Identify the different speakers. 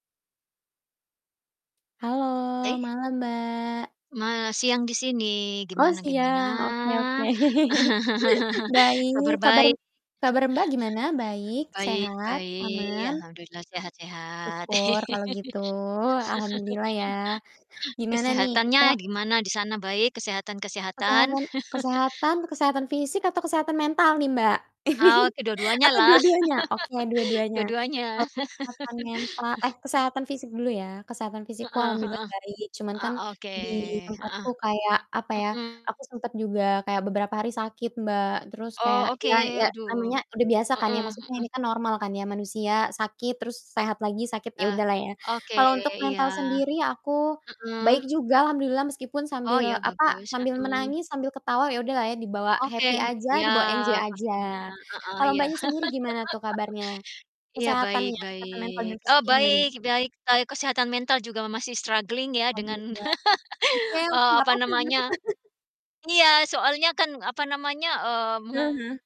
Speaker 1: Halo,
Speaker 2: Eh.
Speaker 1: malam, Mbak.
Speaker 2: Ma siang di sini,
Speaker 1: Oh
Speaker 2: gimana gimana?
Speaker 1: siang, oke oke. Baik,
Speaker 2: Kabar
Speaker 1: kabar
Speaker 2: baik.
Speaker 1: m kabar, Mbak, gimana? Baik?
Speaker 2: Baik
Speaker 1: Sehat?
Speaker 2: baik,
Speaker 1: Aman?
Speaker 2: alhamdulillah, sehat sehat.
Speaker 1: Syukur kalau gitu. Alhamdulillah, ya. Gimana nih
Speaker 2: Kesehatannya
Speaker 1: kita
Speaker 2: gimana di sana, baik? kesehatan-kesehatan?
Speaker 1: Kesehatan kesehatan, kesehatan fisik, atau kesehatan mental nih, Mbak?
Speaker 2: Ah, ke
Speaker 1: Atau
Speaker 2: dua-duanyalah.
Speaker 1: dua-duanya? Oke dua-duanya.
Speaker 2: Dua-duanya.
Speaker 1: Kalau kesehatan mental eh, kesehatan fisik dulu ya. Kesehatan fisikku
Speaker 2: Heeh
Speaker 1: alhamdulillah
Speaker 2: heeh.
Speaker 1: baik. Cuman
Speaker 2: Eee,
Speaker 1: kan
Speaker 2: oke,
Speaker 1: di
Speaker 2: heeh.
Speaker 1: tempatku kayak apa ya,
Speaker 2: Mhm.
Speaker 1: aku sempat juga kayak beberapa hari sakit, Mbak. Terus
Speaker 2: Oh
Speaker 1: kayak
Speaker 2: oke,
Speaker 1: ya ya
Speaker 2: aduh.
Speaker 1: namanya udah biasa kan ya,
Speaker 2: Mhm
Speaker 1: maksudnya
Speaker 2: mhm.
Speaker 1: ini kan normal kan ya, manusia sakit, terus sehat lagi, sakit, ya
Speaker 2: Ah,
Speaker 1: udahlah ya.
Speaker 2: oke,
Speaker 1: Kalau untuk
Speaker 2: iya.
Speaker 1: mental sendiri aku
Speaker 2: Mhm.
Speaker 1: baik juga alhamdulillah meskipun
Speaker 2: Oh,
Speaker 1: sambil
Speaker 2: ya,
Speaker 1: apa,
Speaker 2: bagus,
Speaker 1: sambil
Speaker 2: mhm.
Speaker 1: menangis, sambil ketawa, ya udahlah ya dibawa happy
Speaker 2: Oke.
Speaker 1: aja,
Speaker 2: Iya,
Speaker 1: dibawa enjoy
Speaker 2: pastinya,
Speaker 1: aja.
Speaker 2: heeh,
Speaker 1: Kalau
Speaker 2: iya.
Speaker 1: Mbaknya sendiri gimana tuh kabarnya?
Speaker 2: Iya, baik
Speaker 1: Kesehatannya, kesehatan mental
Speaker 2: baik.
Speaker 1: dan
Speaker 2: Oh,
Speaker 1: fisiknya gimana?
Speaker 2: baik baik. Kai kesehatan mental juga ma masih struggling ya, dengan
Speaker 1: Alhamdulillah. Oke oke,
Speaker 2: eee,
Speaker 1: nggak
Speaker 2: apa
Speaker 1: papa nggak
Speaker 2: namanya
Speaker 1: papa.
Speaker 2: iya, soalnya kan, apa namanya, eee,
Speaker 1: Eee,
Speaker 2: me
Speaker 1: heeh.